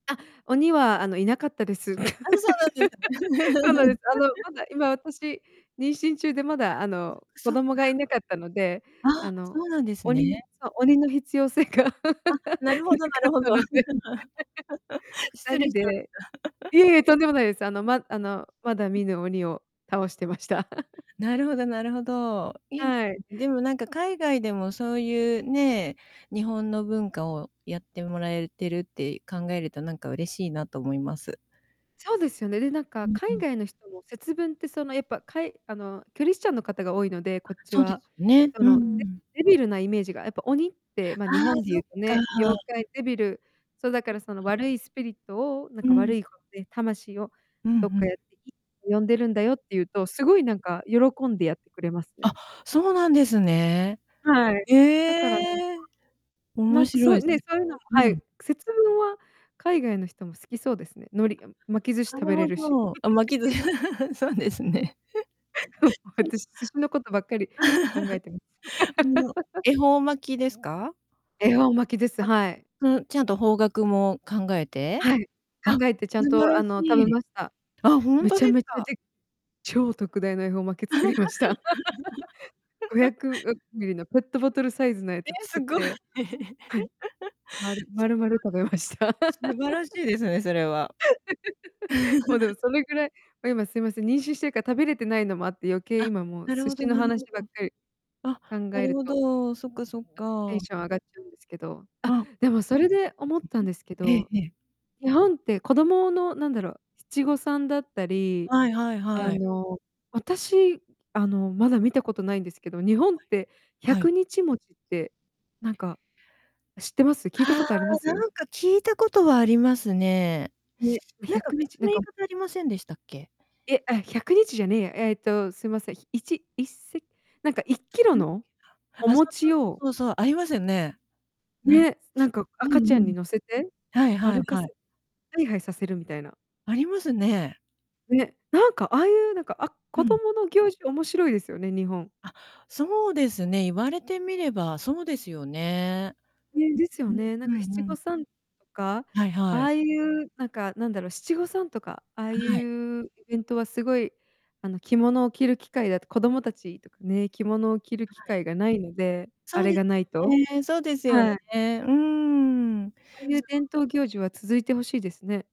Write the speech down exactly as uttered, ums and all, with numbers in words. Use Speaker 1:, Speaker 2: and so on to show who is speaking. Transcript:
Speaker 1: あ、鬼はあのいなかったです。
Speaker 2: あ、そうなん です
Speaker 1: そう
Speaker 2: ね。
Speaker 1: なんです。あの、まだ今私、妊娠中でま
Speaker 2: あ、
Speaker 1: だあの、子
Speaker 2: そっか。
Speaker 1: 供がいなかったので、あ
Speaker 2: あ、
Speaker 1: の、
Speaker 2: そうなんです
Speaker 1: 鬼の
Speaker 2: ね。
Speaker 1: そう、鬼の必要性が。な
Speaker 2: あ、なるほどな
Speaker 1: かっ
Speaker 2: るほ
Speaker 1: た
Speaker 2: ど。
Speaker 1: ので。ふた
Speaker 2: 失礼
Speaker 1: り
Speaker 2: しまし
Speaker 1: で。
Speaker 2: た。
Speaker 1: いえいえ、とんでもないです。あの、ま、あの、まだ見ぬ鬼を倒してました。
Speaker 2: あ、なるほどなるほど。いいです。
Speaker 1: はい。
Speaker 2: でもなんか海外でもそういうね、日本の文化をやってもらえてるって考えるとなんか嬉しいなと思います。
Speaker 1: そうですよね、で、なんか
Speaker 2: うんう
Speaker 1: 海
Speaker 2: ん。
Speaker 1: 外の人も節分ってその、やっぱかいあの、クリスチャンの方が多いので、
Speaker 2: あ、
Speaker 1: こっち
Speaker 2: そうで
Speaker 1: は、
Speaker 2: すよね。
Speaker 1: そ
Speaker 2: う
Speaker 1: の、デ
Speaker 2: ん。
Speaker 1: デビルなイメージがやっぱ鬼ってま、
Speaker 2: あ
Speaker 1: 日
Speaker 2: あ、
Speaker 1: 本で言
Speaker 2: そ
Speaker 1: う
Speaker 2: っ
Speaker 1: と
Speaker 2: か。
Speaker 1: ね、妖怪デビルそうだからその、悪いスピリットをなん
Speaker 2: う
Speaker 1: か
Speaker 2: ん。
Speaker 1: 悪いことで魂を
Speaker 2: ふん
Speaker 1: どっ
Speaker 2: ふ
Speaker 1: か
Speaker 2: ん。
Speaker 1: やっていいって呼んでるんだよって言うと、すごいなんか喜んでやってくれますね。
Speaker 2: あ、そうなんですね。
Speaker 1: はい、だからなんか。
Speaker 2: へえ。
Speaker 1: な
Speaker 2: 面
Speaker 1: んかそ
Speaker 2: 白
Speaker 1: う、
Speaker 2: いそ
Speaker 1: ね、
Speaker 2: れ。
Speaker 1: そういうのも、
Speaker 2: う
Speaker 1: はい、
Speaker 2: ん。
Speaker 1: 節分は海外の人も好きそうですね。海苔巻き寿司
Speaker 2: な
Speaker 1: 食
Speaker 2: る
Speaker 1: べ
Speaker 2: ほ
Speaker 1: れるし。
Speaker 2: ど。あ、巻きず そうですね。
Speaker 1: 私、寿司のことばっかり考えてます。
Speaker 2: あの 恵方巻きですか？
Speaker 1: 恵方巻きです、
Speaker 2: あ、
Speaker 1: はい。
Speaker 2: うん、ちゃんと方角も考えて？
Speaker 1: はい。
Speaker 2: あ、
Speaker 1: 考えてちゃん
Speaker 2: 素晴
Speaker 1: と
Speaker 2: ら
Speaker 1: あ
Speaker 2: し
Speaker 1: の食べ
Speaker 2: い。
Speaker 1: ました。
Speaker 2: あ、本
Speaker 1: め
Speaker 2: 当
Speaker 1: ち
Speaker 2: で
Speaker 1: ゃ
Speaker 2: す
Speaker 1: めちゃ
Speaker 2: か？
Speaker 1: で超特大の恵方巻き作りました。ごひゃ くみりりっとるのペットボトルサイズのや
Speaker 2: え、
Speaker 1: つ
Speaker 2: す
Speaker 1: 作っ
Speaker 2: ごい。
Speaker 1: て、はい。まる丸々食べました。
Speaker 2: 素晴らしい、素晴らしいですね、それは。
Speaker 1: もうで もそれぐらい今すいません、妊娠してるから食べれてないのもあって、余計
Speaker 2: あ、
Speaker 1: 今もう
Speaker 2: なる
Speaker 1: 寿
Speaker 2: ほ
Speaker 1: 司
Speaker 2: ど
Speaker 1: の
Speaker 2: なるほ
Speaker 1: 話ばっ
Speaker 2: ど。
Speaker 1: かり
Speaker 2: あ、
Speaker 1: 考
Speaker 2: な
Speaker 1: え
Speaker 2: る
Speaker 1: る
Speaker 2: ほ
Speaker 1: と
Speaker 2: ど。そっかそっ
Speaker 1: テ
Speaker 2: か。
Speaker 1: ンション上がっちゃうんですけど、あ、
Speaker 2: あ。
Speaker 1: でもそれで思ったんですけ
Speaker 2: ええ
Speaker 1: ど、
Speaker 2: ええ。
Speaker 1: 日本って子供のなんだろう、七五三だったり、
Speaker 2: はいはい
Speaker 1: あ
Speaker 2: はい。
Speaker 1: の、私あの、まだ見たことないんですけど、日本って
Speaker 2: はい。
Speaker 1: 100日餅って、なんか、知ってます？聞いた
Speaker 2: あ
Speaker 1: こ
Speaker 2: あ、
Speaker 1: とあります？
Speaker 2: なんか聞いたことはありますね。
Speaker 1: ね、
Speaker 2: な
Speaker 1: ひ
Speaker 2: ん
Speaker 1: ゃ
Speaker 2: か
Speaker 1: くに
Speaker 2: 別
Speaker 1: ち
Speaker 2: の
Speaker 1: なん
Speaker 2: 言い
Speaker 1: か
Speaker 2: 方ありませんでしたっけ？
Speaker 1: え、あ、ひゃくにちじゃねえや。えっと、すいませいちいっせなんかいっきろ
Speaker 2: ん、
Speaker 1: のお
Speaker 2: あ、そうそう
Speaker 1: 餅を
Speaker 2: そうそう、ありますよね。なに。
Speaker 1: ね、なんか
Speaker 2: うん
Speaker 1: 赤ちゃ
Speaker 2: う
Speaker 1: んに
Speaker 2: ん。
Speaker 1: 乗せて、
Speaker 2: はいはい
Speaker 1: 歩か
Speaker 2: はい。
Speaker 1: せ、ハイハイさせるみたいな。
Speaker 2: ありますね。
Speaker 1: ね、なんかああいうなんか、あ、
Speaker 2: う
Speaker 1: 子
Speaker 2: ん。
Speaker 1: 供の行事面白いですよね日本。
Speaker 2: あ、そうですね、言われてみればそうですよね。
Speaker 1: ね、です
Speaker 2: う
Speaker 1: よ
Speaker 2: ん
Speaker 1: ね。なん
Speaker 2: う
Speaker 1: か
Speaker 2: んうん
Speaker 1: 七
Speaker 2: うん。
Speaker 1: 五三とか、
Speaker 2: はい
Speaker 1: あ
Speaker 2: はい。
Speaker 1: あいうなんかなんだろう、七五三とか、ああい
Speaker 2: はい。
Speaker 1: うイベントはすごい、あの、着物を着る機会だと子供たちとかね、着物を着る
Speaker 2: は
Speaker 1: 機
Speaker 2: い。
Speaker 1: 会がないので、
Speaker 2: そ
Speaker 1: あ
Speaker 2: う
Speaker 1: れ
Speaker 2: です
Speaker 1: がない
Speaker 2: よ
Speaker 1: と。
Speaker 2: ね、そうですよね。
Speaker 1: はい。
Speaker 2: うん。
Speaker 1: そういう
Speaker 2: [unintelligible]
Speaker 1: 伝統行事は続いてほしいですね。